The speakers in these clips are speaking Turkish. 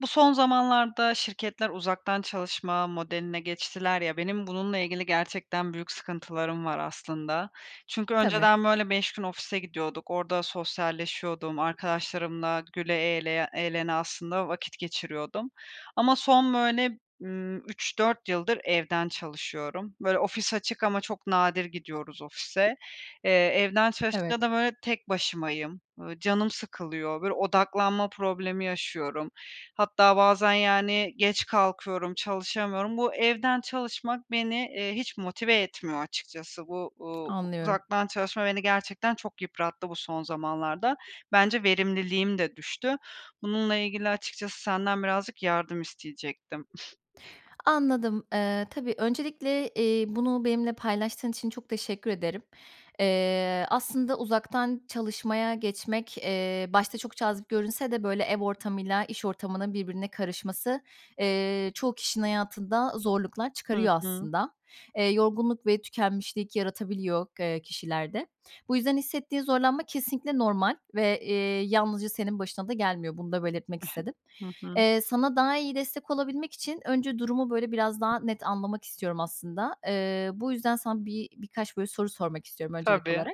Bu son zamanlarda şirketler uzaktan çalışma modeline geçtiler ya, benim bununla ilgili gerçekten büyük sıkıntılarım var aslında. Çünkü Tabii. önceden, böyle, 5 gün ofise gidiyorduk. Orada sosyalleşiyordum. Arkadaşlarımla güle eğleye eğlene aslında vakit geçiriyordum ama son, böyle, ımm, 3-4 yıldır evden çalışıyorum. Böyle, ofis açık ama çok nadir gidiyoruz ofise. Eee, evden Evet. çalışınca da, böyle, tek başımayım. Iıı, canım sıkılıyor. Böyle, odaklanma problemi yaşıyorum. Hatta bazen, yani, geç kalkıyorum, çalışamıyorum. Bu evden çalışmak beni, eee, hiç motive etmiyor açıkçası. Bu, uuu, Anlıyorum. uzaktan çalışma beni gerçekten çok yıprattı bu son zamanlarda. Bence verimliliğim de düştü. Bununla ilgili açıkçası senden birazcık yardım isteyecektim. Anladım. Eee, tabii öncelikle, eee, bunu benimle paylaştığın için çok teşekkür ederim. Eee, aslında uzaktan çalışmaya geçmek, eee, başta çok cazip görünse de, böyle, ev ortamıyla iş ortamının birbirine karışması, eee, çoğu kişinin hayatında zorluklar Hı çıkarıyor hı. aslında. Eee, yorgunluk ve tükenmişlik yaratabiliyor, eee, kişilerde. Bu yüzden hissettiğin zorlanma kesinlikle normal ve, eee, yalnızca senin başına da gelmiyor. Bunu da belirtmek istedim. Hı hı. Eee, sana daha iyi destek olabilmek için önce durumu, böyle, biraz daha net anlamak istiyorum aslında. Eee, bu yüzden sana bir birkaç, böyle, soru sormak istiyorum öncelik Tabii. olarak.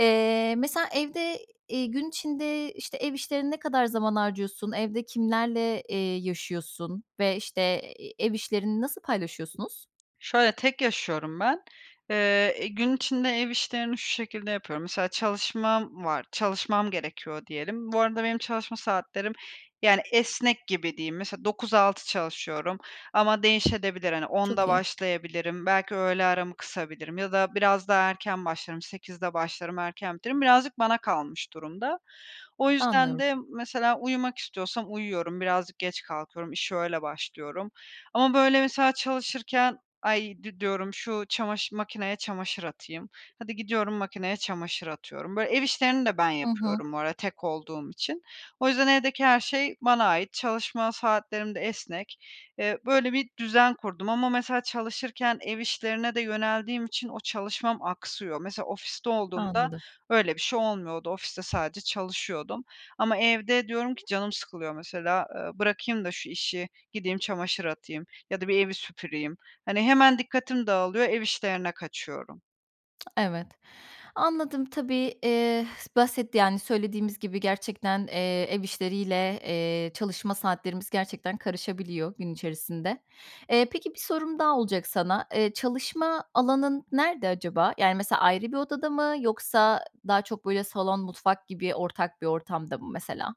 Eee, mesela evde, eee, gün içinde, işte, ev işlerine ne kadar zaman harcıyorsun, evde kimlerle, eee, yaşıyorsun ve, işte, ev işlerini nasıl paylaşıyorsunuz? Şöyle, tek yaşıyorum ben. Eee, gün içinde ev işlerini şu şekilde yapıyorum. Mesela çalışmam var, çalışmam gerekiyor diyelim. Bu arada benim çalışma saatlerim, yani, esnek gibi diyeyim. Mesela 9-6 çalışıyorum ama değişebilir. Hani, Çok 10.00'da iyi. başlayabilirim, belki öğle aramı kısabilirim ya da biraz daha erken başlarım, 08.00'de başlarım, erken bitiririm, birazcık bana kalmış durumda. O yüzden Anlıyorum. de mesela uyumak istiyorsam uyuyorum, birazcık geç kalkıyorum, işe öyle başlıyorum ama, böyle, mesela çalışırken, ay, di diyorum, şu çamaşır makineye çamaşır atayım, hadi gidiyorum makineye çamaşır atıyorum. Böyle, ev işlerini de ben Hı hı. yapıyorum bu arada tek olduğum için. O yüzden evdeki her şey bana ait. Çalışma saatlerim de esnek. Eee, böyle bir düzen kurdum ama mesela çalışırken ev işlerine de yöneldiğim için o çalışmam aksıyor. Mesela ofiste olduğumda Anladım. öyle bir şey olmuyordu. Ofiste sadece çalışıyordum ama evde diyorum ki canım sıkılıyor. Mesela, eee, bırakayım da şu işi, gideyim çamaşır atayım ya da bir evi süpüreyim. Hani, hemen dikkatim dağılıyor, ev işlerine kaçıyorum. Evet, anladım. Tabii, eee, basit, yani, söylediğimiz gibi gerçekten, eee, ev işleriyle, eee, çalışma saatlerimiz gerçekten karışabiliyor gün içerisinde. Eee, peki, bir sorum daha olacak sana. Eee, çalışma alanın nerede acaba? Yani, mesela, ayrı bir odada mı, yoksa daha çok, böyle, salon, mutfak gibi ortak bir ortamda mı, mesela?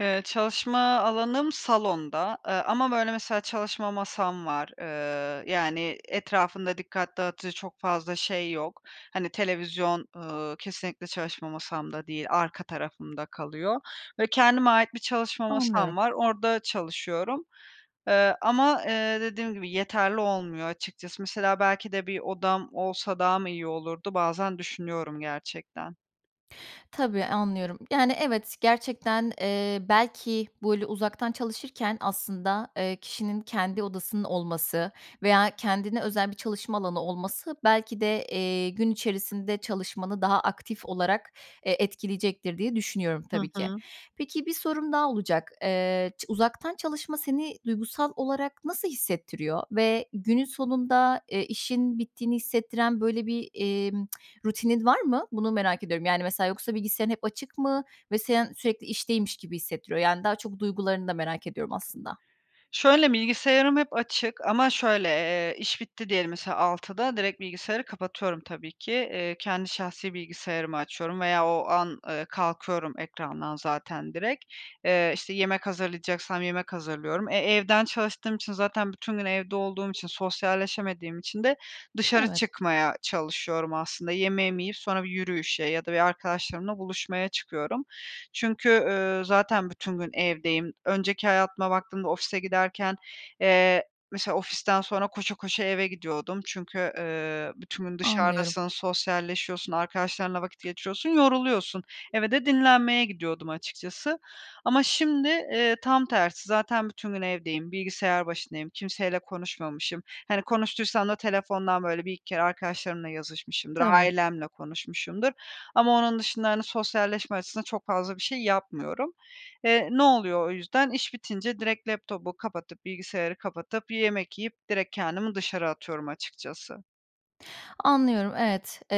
Eee, çalışma alanım salonda, ııı, ama, böyle, mesela, çalışma masam var, ııı, yani, etrafında dikkat dağıtıcı çok fazla şey yok. Hani, televizyon, ııı, kesinlikle çalışma masamda değil, arka tarafımda kalıyor ve kendime ait bir çalışma masam Anlıyorum. var. Orda çalışıyorum, ııı, ama, eee, dediğim gibi yeterli olmuyor açıkçası. Mesela, belki de bir odam olsa daha mı iyi olurdu, bazen düşünüyorum gerçekten. Tabii, anlıyorum, yani, evet, gerçekten, eee, belki, böyle uzaktan çalışırken aslında, eee, kişinin kendi odasının olması veya kendine özel bir çalışma alanı olması belki de, eee, gün içerisinde çalışmanı daha aktif olarak, eee, etkileyecektir diye düşünüyorum, Hı tabii ki. hı. Peki, bir sorum daha olacak. Eee, ç uzaktan çalışma seni duygusal olarak nasıl hissettiriyor ve günün sonunda, eee, işin bittiğini hissettiren, böyle, bir, eee, rutinin var mı? Bunu merak ediyorum. Yani, mesela, yoksa bilgisayarın hep açık mı? Ve sen sürekli işteymiş gibi hissettiriyor. Yani, daha çok duygularını da merak ediyorum aslında. Şöyle, bilgisayarım hep açık ama şöyle, eee, iş bitti diyelim, mesela, 6'da direkt bilgisayarı kapatıyorum, tabii ki. Eee, kendi şahsi bilgisayarımı açıyorum veya o an, eee, kalkıyorum ekrandan zaten direkt. Eee, işte, yemek hazırlayacaksam yemek hazırlıyorum. E, evden çalıştığım için zaten bütün gün evde olduğum için, sosyalleşemediğim için de dışarı Evet. çıkmaya çalışıyorum aslında. Yemeğimi yiyip sonra bir yürüyüşe ya da bir arkadaşlarımla buluşmaya çıkıyorum. Çünkü, ııı, zaten bütün gün evdeyim. Önceki hayatıma baktığımda ofise giderken, eee, mesela ofisten sonra koşa koşa eve gidiyordum. Çünkü, ııı, bütün gün Anlıyorum. dışarıdasın, sosyalleşiyorsun, arkadaşlarınla vakit geçiriyorsun, yoruluyorsun. Eve de dinlenmeye gidiyordum açıkçası. Ama şimdi, eee, tam tersi, zaten bütün gün evdeyim, bilgisayar başındayım, kimseyle konuşmamışım. Hani, konuştuysam da telefondan, böyle, 1-2 kere arkadaşlarımla yazışmışımdır, Tabii. ailemle konuşmuşumdur ama onun dışında, hani, sosyalleşme açısından çok fazla bir şey yapmıyorum. Eee, ne oluyor o yüzden, iş bitince direkt laptopu kapatıp, bilgisayarı kapatıp, yemek yiyip direkt kendimi dışarı atıyorum açıkçası. Anlıyorum, evet. Eee,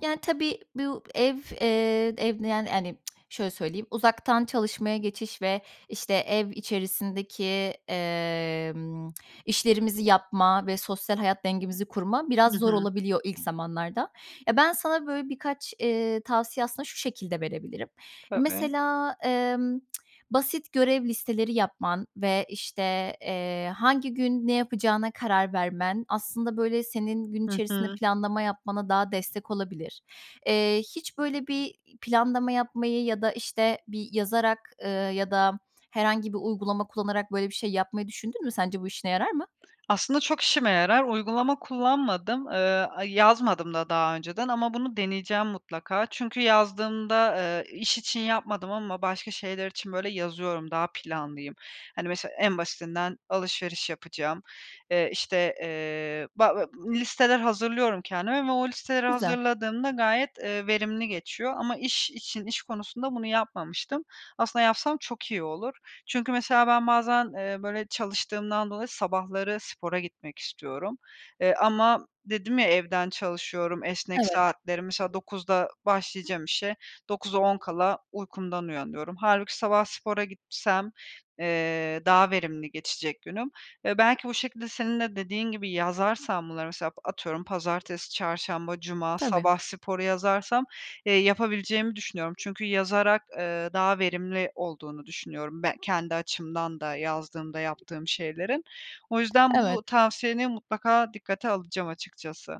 yani, tabii, bu ev, eee, ev, yani, hani, şöyle söyleyeyim; uzaktan çalışmaya geçiş ve, işte, ev içerisindeki, emm, işlerimizi yapma ve sosyal hayat dengemizi kurma biraz Hı zor hı. olabiliyor ilk zamanlarda. Ya, ben sana, böyle, birkaç, eee, tavsiye aslında şu şekilde verebilirim. Tabii. Mesela, emm, basit görev listeleri yapman ve, işte, eee, hangi gün ne yapacağına karar vermen aslında, böyle, senin gün Hı içerisinde hı. planlama yapmana daha destek olabilir. Eee, hiç, böyle, bir planlama yapmayı ya da, işte, bir yazarak, ııı, ya da herhangi bir uygulama kullanarak, böyle, bir şey yapmayı düşündün mü? Sence bu işine yarar mı? Aslında, çok işime yarar. Uygulama kullanmadım. Eee, a yazmadım da daha önceden ama bunu deneyeceğim mutlaka. Çünkü yazdığımda, ııı, iş için yapmadım ama başka şeyler için, böyle, yazıyorum, daha planlıyım. Hani, mesela, en basitinden alışveriş yapacağım, eee, işte, eee, ba a listeler hazırlıyorum kendime ve o listeleri Güzel. hazırladığımda gayet, ııı, verimli geçiyor ama iş için, iş konusunda bunu yapmamıştım. Aslında, yapsam çok iyi olur. Çünkü, mesela, ben bazen, eee, böyle çalıştığımdan dolayı sabahları spora gitmek istiyorum. Eee, ama dedim ya, evden çalışıyorum, esnek Evet. saatleri, mesela, 09.00'da başlayacağım işe, 08.50'de uykumdan uyanıyorum. Hâlbuki sabah spora gitsem, eee, daha verimli geçecek günüm. Eee, belki bu şekilde senin de dediğin gibi yazarsam bunları, mesela, atıyorum, pazartesi, çarşamba, cuma, Tabii. sabah sporu yazarsam, eee, yapabileceğimi düşünüyorum. Çünkü yazarak, eee, daha verimli olduğunu düşünüyorum ben kendi açımdan da, yazdığımda yaptığım şeylerin. O yüzden Evet. bu tavsiyeni mutlaka dikkate alacağım açıkçası.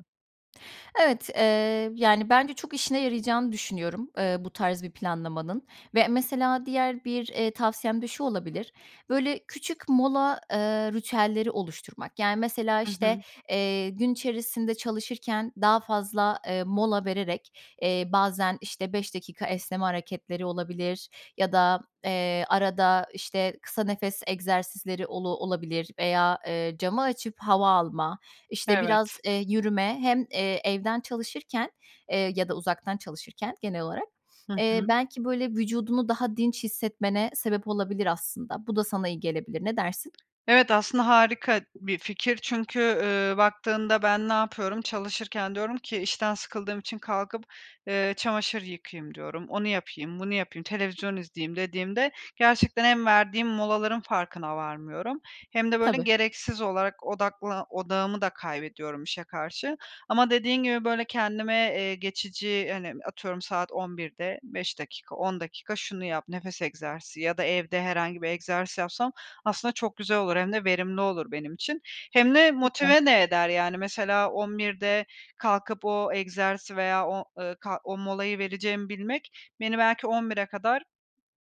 Evet, eee, yani, bence çok işine yarayacağını düşünüyorum, eee, bu tarz bir planlamanın ve, mesela, diğer bir, eee, tavsiyem de şu olabilir: Böyle, küçük mola, eee, ritüelleri oluşturmak, yani, mesela, Hı işte, hı. eee, gün içerisinde çalışırken daha fazla, eee, mola vererek, eee, bazen, işte, 5 dakika esneme hareketleri olabilir ya da, eee, arada, işte, kısa nefes egzersizleri olu olabilir veya, eee, camı açıp hava alma, işte, biraz, Evet. eee, yürüme, hem, eee, evden çalışırken, eee, ya da uzaktan çalışırken genel olarak, Hı eee, hı. belki, böyle, vücudunu daha dinç hissetmene sebep olabilir aslında. Bu da sana iyi gelebilir. Ne dersin? Evet, aslında harika bir fikir çünkü, ııı, baktığında ben ne yapıyorum, çalışırken diyorum ki, “İşten sıkıldığım için kalkıp, ııı, çamaşır yıkayayım“ diyorum, “Onu yapayım, bunu yapayım, televizyon izleyeyim,“ dediğimde, gerçekten hem verdiğim molaların farkına varmıyorum hem de, böyle, Tabii. gereksiz olarak odakla odağımı da kaybediyorum işe karşı ama dediğin gibi, böyle, kendime, eee, geçici, hani, atıyorum saat 11.00'de 5 dakika, 10 dakika şunu yap, nefes egzersizi ya da evde herhangi bir egzersiz yapsam aslında çok güzel olur, hem de verimli olur benim için. Hem de Lütfen. motive de eder, yani, mesela, 11.00'de kalkıp o egzersizi veya o, ııı, kalk o molayı vereceğimi bilmek beni belki 11.00'e kadar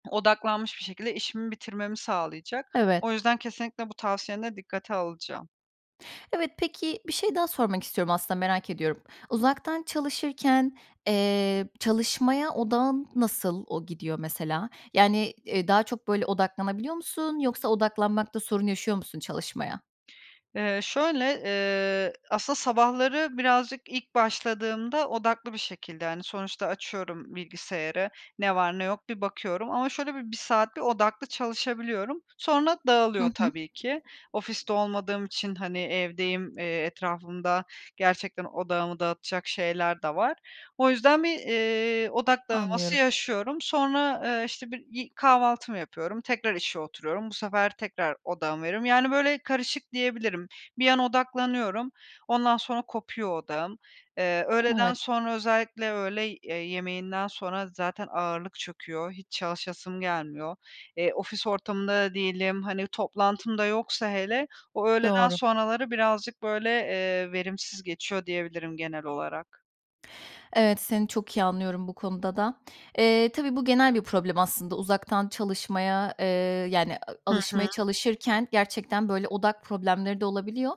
odaklanmış bir şekilde işimi bitirmemi sağlayacak. Evet. O yüzden kesinlikle bu tavsiyeni de dikkate alacağım. Evet. Peki, bir şey daha sormak istiyorum aslında, merak ediyorum. Uzaktan çalışırken, eee, çalışmaya odağın nasıl o gidiyor, mesela? Yani, eee, daha çok, böyle, odaklanabiliyor musun yoksa odaklanmakta sorun yaşıyor musun çalışmaya? Eee, şöyle, ııı, aslında sabahları birazcık ilk başladığımda odaklı bir şekilde, hani, sonuçta açıyorum bilgisayarı, ne var ne yok bir bakıyorum ama şöyle bir 1 saat bir odaklı çalışabiliyorum. Sonra Hı dağılıyor hı. tabii ki. Ofiste olmadığım için, hani, evdeyim, eee, etrafımda gerçekten odağımı dağıtacak şeyler de var. O yüzden bir, ııı, odak dağılması Anlıyorum. yaşıyorum. Sonra, ııı, işte, bir i kahvaltımı yapıyorum, tekrar işe oturuyorum. Bu sefer tekrar odağımı veriyorum. Yani, böyle, karışık diyebilirim. Bir an odaklanıyorum, ondan sonra kopuyor odağım. Eee, öğleden Evet. sonra, özellikle öğley ııı, yemeğinden sonra zaten ağırlık çöküyor, hiç çalışasım gelmiyor. Eee, ofis ortamında da değilim, hani, toplantım da yoksa hele o öğleden Doğru. sonraları birazcık, böyle, eee, verimsiz geçiyor diyebilirim genel olarak. Evet, seni çok iyi anlıyorum bu konuda da. Eee, tabii bu genel bir problem aslında. Uzaktan çalışmaya, eee, yani, a Hı alışmaya hı. çalışırken gerçekten böyle odak problemleri de olabiliyor.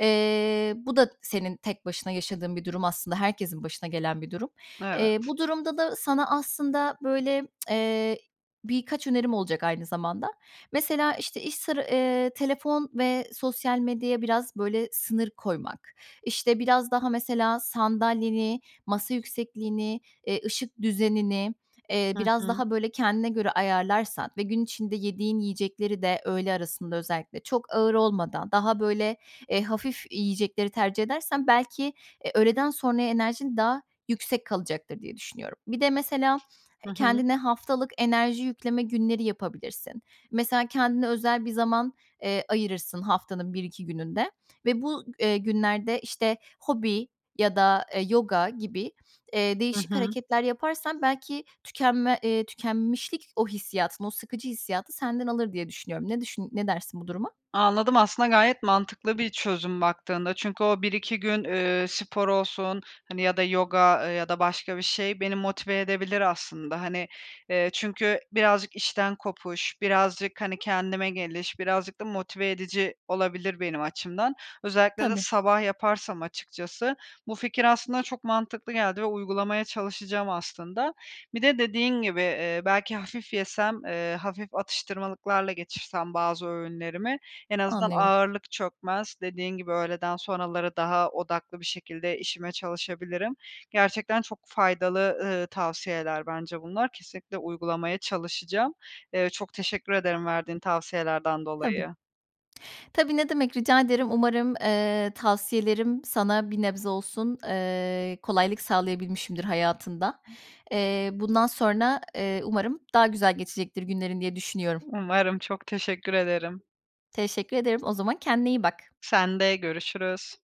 Eee, bu da senin tek başına yaşadığın bir durum aslında herkesin başına gelen bir durum. Evet. Eee, bu durumda da sana aslında, böyle, eee, birkaç önerim olacak aynı zamanda. Mesela, işte, iş sıra eee, telefon ve sosyal medyaya biraz, böyle, sınır koymak, işte, biraz daha mesela sandalyeni, masa yüksekliğini, eee, ışık düzenini, eee, Hı biraz hı. daha, böyle, kendine göre ayarlarsan ve gün içinde yediğin yiyecekleri de öğle arasında özellikle çok ağır olmadan, daha, böyle, eee, hafif yiyecekleri tercih edersen belki, eee, öğleden sonraya enerjin daha yüksek kalacaktır diye düşünüyorum. Bir de mesela Hı hı. kendine haftalık enerji yükleme günleri yapabilirsin. Mesela kendine özel bir zaman, eee, ayırırsın haftanın 1-2 gününde ve bu, eee, günlerde, işte, hobi ya da, eee, yoga gibi, eee, Hı değişik hı. hareketler yaparsan belki tükenme, eee, tükenmişlik, o hissiyatın, o sıkıcı hissiyatı senden alır diye düşünüyorum. Ne düşün ne dersin bu duruma? Anladım. Aslında gayet mantıklı bir çözüm baktığında. Çünkü o 1-2 gün, ııı, spor olsun, hani, ya da yoga, eee, ya da başka bir şey beni motive edebilir aslında. Hani, eee, çünkü birazcık işten kopuş, birazcık, hani, kendime geliş, birazcık da motive edici olabilir benim açımdan. Özellikle de Tabii. sabah yaparsam açıkçası bu fikir aslında çok mantıklı geldi ve uygulamaya çalışacağım aslında. Bir de dediğin gibi, ııı, belki hafif yesem, ııı, hafif atıştırmalıklarla geçirsem bazı öğünlerimi en azından Anlıyorum. ağırlık çökmez. Dediğin gibi öğleden sonraları daha odaklı bir şekilde işime çalışabilirim. Gerçekten çok faydalı, ııı, tavsiyeler bence bunlar. Kesinlikle uygulamaya çalışacağım. Iıı, çok teşekkür ederim verdiğin tavsiyelerden Tabii. dolayı. Tabii, ne demek, rica ederim. Umarım, eee, tavsiyelerim sana bir nebze olsun, eee, kolaylık sağlayabilmişimdir hayatında. Eee, bundan sonra, eee, umarım daha güzel geçecektir günlerin diye düşünüyorum. Umarım, çok teşekkür ederim. Teşekkür ederim. O zaman kendine iyi bak. Sen de görüşürüz.